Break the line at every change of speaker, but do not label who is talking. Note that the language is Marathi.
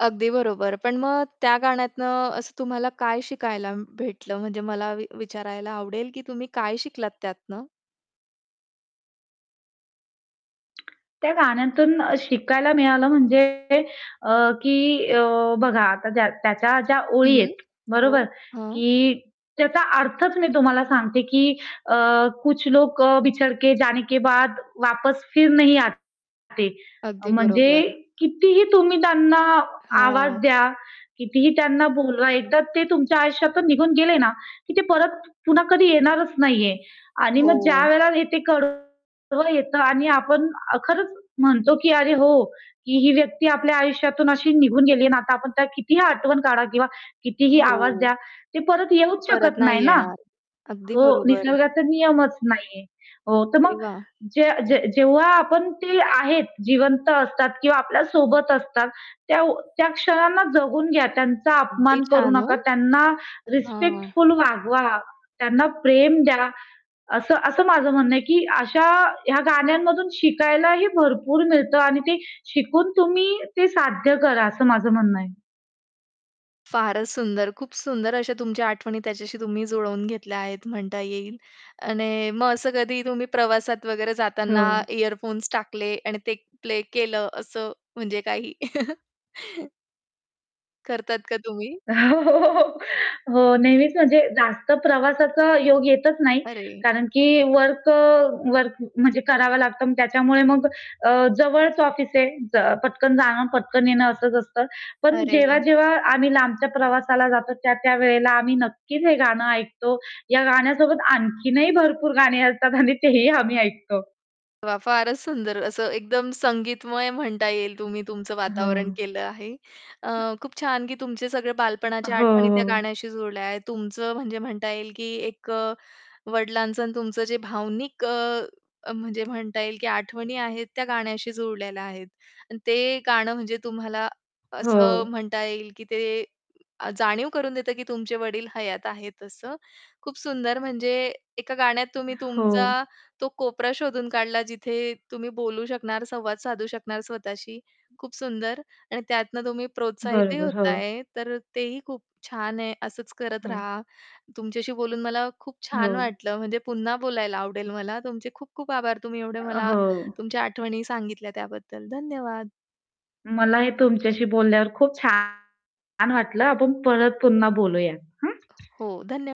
अगदी बरोबर. पण मग त्या गाण्यातून असं तुम्हाला काय शिकायला भेटलं? म्हणजे मला वि विचारायला आवडेल की तुम्ही काय शिकलात त्यातनं?
त्या गाण्यांतून अ, शिकायला मिळालं, म्हणजे अ, की अ, बघा आता ज्या त्याच्या ज्या ओळी
हं,
आहेत, बरोबर?
हो, हां.
की त्याचा अर्थच मी तुम्हाला सांगते की अ, कुछ लोक अ, बिछडके जाने के बाद वापस फिर नही आते.
अगदी
म्हणजे
बरोबर.
कितीही तुम्ही त्यांना आवाज
हां.
द्या, कितीही त्यांना बोलवा, एकदा ते तुमच्या आयुष्यातून निघून गेले ना, की ते परत पुन्हा कधी येणारच नाहीये. आणि मग
हो.
ज्यावेळेला हे ते कडवं येतं आणि आपण अ, खरंच म्हणतो की "अरे हो, ही-ही व्यक्ती आपल्या आयुष्यातून अशी निघून गेली आहे आणि आता आपण त्याला कितीही आठवण काढा किंवा कितीही आवाज
हो.
द्या, ते परत येऊच
परत
शकत नाही
नाही
ना."
येणार, अगदी
तो
बरोबर.
निसर्गाचा नियमच नाहीये. हो, तर
अरे
मग
वाह!
जे जे जेव्हा आपण ते आहेत जिवंत असतात किंवा आपल्यासोबत असतात, तेव्ह त्या क्षणांना जगून घ्या. त्यांचा
अगदी
अपमान करू
छान ओ!
नका. त्यांना
हां.
रिस्पेक्टफुल वागवा. त्यांना प्रेम द्या. असं असं माझं म्हणणं आहे की अशा या गाण्यांमधून शिकायलाही भरपूर मिळतं आणि ते शिकून तुम्ही ते साध्य करा असं माझं म्हणणं आहे.
फारच सुंदर, खूप सुंदर अशा तुमच्या आठवणी त्याच्याशी तुम्ही जुळवून घेतल्या आहेत म्हणता येईल. आणि मग असं कधी तुम्ही प्रवासात वगैरे
हो.
जाताना इअरफोन्स टाकले आणि ते प्ले केलं असं म्हणजे काही करतात का तुम्ही?
हो, हो, हो, हो. हो, नेहमीच म्हणजे जास्त प्रवासाचा योग येतच नाही.
अरे!
कारण की वर्क अ, वर्क म्हणजे करावा लागतं मग त्याच्यामुळे मग अ, जवळच ऑफिस आहे, ज पटकन जाणं, पटकन येणं असंच असतं. पण
अरे वाह!
जेव्हा-जेव्हा आम्ही लांबच्या प्रवासाला जातो, त्या-त्या वेळेला आम्ही नक्कीच हे गाणं ऐकतो. या गाण्यासोबत आणखीनही भरपूर गाणी असतात आणि तेही आम्ही ऐकतो.
वाह! फारच सुंदर असं एकदम संगीतमय म्हणता येईल तुम्ही तुमचं वातावरण
हो.
केलं आहे. अ,
अ
खूप छान की तुमचे सगळे बालपणाच्या
हो,
आठवणी त्या
हो.
गाण्याशी जुळल्या आहेत. तुमचं म्हणजे म्हणता येईल की एक अ, वडिलांचं आणि तुमचं जे भावनिक अ, अ, म्हणजे म्हणता येईल की आठवणी आहेत त्या गाण्याशी जुळलेल्या आहेत. आणि ते गाणं म्हणजे तुम्हाला असं
हो.
म्हणता येईल की ते आ जाणीव करून देतं की तुमचे वडील हयात आहेत असं. खूप सुंदर म्हणजे एका गाण्यात तुम्ही तुमचा
हो.
तो कोपरा शोधून काढला. जिथे तुम्ही बोलू शकणार, संवाद साधू शकणार स्वतःशी. खूप सुंदर! आणि त्यातनं तुम्ही प्रोत्साहितही
बरोबर,
होतं
हो.
आहे. तर तेही खूप छान आहे, असंच करत
हो.
रहा. तुमच्याशी बोलून मला खूप छान
हो.
वाटलं म्हणजे पुन्हा बोलायला आवडेल मला. तुमचे खूप खूप आभार तुम्ही एवढे
अ,
मला
हो.
तुमच्या आठवणी सांगितल्या त्याबद्दल. धन्यवाद.
मलाही तुमच्याशी बोलल्यावर खूप छान वाटलं आपण परत पुन्हा बोलूया. हं?
हो, धन्य